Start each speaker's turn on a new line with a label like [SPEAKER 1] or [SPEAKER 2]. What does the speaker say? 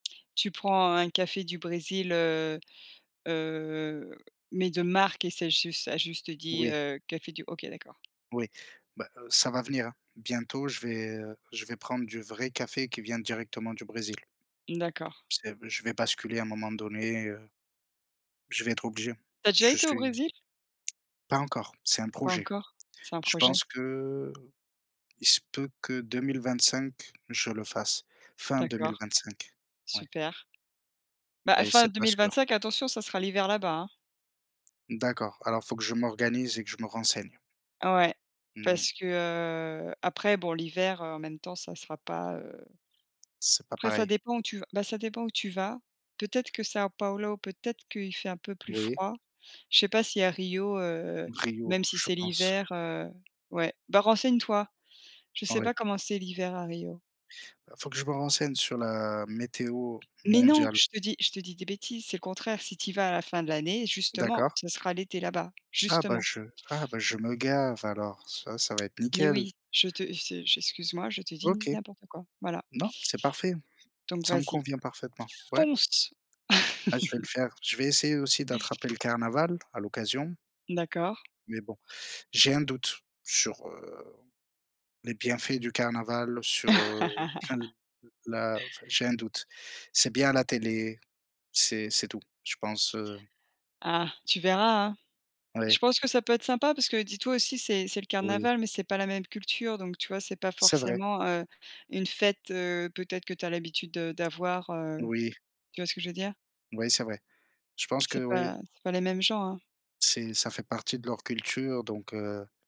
[SPEAKER 1] Tu prends un café du Brésil, heu, heu, mais de marque et c'est jus ça juste dit,
[SPEAKER 2] Oui.
[SPEAKER 1] heu, café du OK d'accord.
[SPEAKER 2] Oui, bah, heu, ça va venir, hein. Bientôt je vais, heu, je vais prendre du vrai café qui vient directement du Brésil.
[SPEAKER 1] Mmh d'accord.
[SPEAKER 2] C'est b je vais basculer à un moment donné, heu je vais être obligé.
[SPEAKER 1] Tu as déjà
[SPEAKER 2] Je
[SPEAKER 1] été au
[SPEAKER 2] suis
[SPEAKER 1] Brésil?
[SPEAKER 2] pas encore, c'est un
[SPEAKER 1] Pas
[SPEAKER 2] projet.
[SPEAKER 1] encore? C'est un
[SPEAKER 2] Je
[SPEAKER 1] projet?
[SPEAKER 2] pense que, il se peut que 2025 je le fasse. Fin deux
[SPEAKER 1] D'accord.
[SPEAKER 2] mille vingt-cinq ouais.
[SPEAKER 1] Super. Bah,
[SPEAKER 2] Mais
[SPEAKER 1] fin
[SPEAKER 2] c'est
[SPEAKER 1] deux
[SPEAKER 2] pas
[SPEAKER 1] mille
[SPEAKER 2] sûr.
[SPEAKER 1] vingt-cinq attention, ça sera l'hiver là-bas, hein!
[SPEAKER 2] D'accord. Alors faut que je m'organise et que je me renseigne.
[SPEAKER 1] Ouais.
[SPEAKER 2] Mmh.
[SPEAKER 1] Parce que, heu, après bon l'hiver, heu, en même temps, ça sera pas, heu,
[SPEAKER 2] C'est pas
[SPEAKER 1] après ça
[SPEAKER 2] pareil.
[SPEAKER 1] dépend où tu v bah, ça dépend où tu vas. Peut-être que Sao Paulo, peut-être qu'il fait un peu plus
[SPEAKER 2] Oui?
[SPEAKER 1] froid. Je sais pas si à Rio, heu,
[SPEAKER 2] Rio,
[SPEAKER 1] même si
[SPEAKER 2] je
[SPEAKER 1] c'est
[SPEAKER 2] pense.
[SPEAKER 1] l'hiver, heu, ouais. Bah, renseignes toi. Je sais
[SPEAKER 2] Ouais.
[SPEAKER 1] pas comment c'est, l'hiver à Rio.
[SPEAKER 2] Heu, faut que je me renseigne sur la météo
[SPEAKER 1] Mais non!
[SPEAKER 2] mondiale.
[SPEAKER 1] Je te dis je te dis des bêtises! C'est le contraire! Si tu y vas à la fin de l'année, justement,
[SPEAKER 2] D'accord.
[SPEAKER 1] ce sera l'été là-bas,
[SPEAKER 2] Ah bah,
[SPEAKER 1] justement.
[SPEAKER 2] je ah bah, je me gave alors! Ça ça va être
[SPEAKER 1] Mais
[SPEAKER 2] nickel!
[SPEAKER 1] oui! Je te f c'est j excuse-moi, je te dis
[SPEAKER 2] OK.
[SPEAKER 1] n'importe quoi! Voilà.
[SPEAKER 2] Non, c'est parfait!
[SPEAKER 1] Donc
[SPEAKER 2] Ça me
[SPEAKER 1] vas-y.
[SPEAKER 2] convient parfaitement. Ouais?
[SPEAKER 1] Fonce!
[SPEAKER 2] Ah je vais le faire, je vais essayer aussi d'attraper le carnaval, à l'occasion.
[SPEAKER 1] D'accord.
[SPEAKER 2] Mais bon. J'ai un doute sur, heu, les bienfaits du carnaval, sur, heu, enfin le la [unintelligible] j'ai un doute. C'est bien à la télé, c'est c'est tout, je pense, heu.
[SPEAKER 1] Ah, tu verras, hein!
[SPEAKER 2] Ouais.
[SPEAKER 1] Je pense que ça peut être sympa parce que dis-toi aussi c'est c'est le
[SPEAKER 2] Oui.
[SPEAKER 1] carnaval, mais c'est pas la même culture, donc tu vois, c'est pas
[SPEAKER 2] C'est vrai.
[SPEAKER 1] forcément, heu, une fête, heu, peut-être que tu as l'habitude, heu, d'avoir, heu,
[SPEAKER 2] Moui.
[SPEAKER 1] tu vois ce que je veux dire?
[SPEAKER 2] Ouais c'est vrai. Je pense
[SPEAKER 1] C'est
[SPEAKER 2] que oui.
[SPEAKER 1] pas c'est pas les mêmes gens, hein!
[SPEAKER 2] C'est ça fait partie de leur culture, donc heu.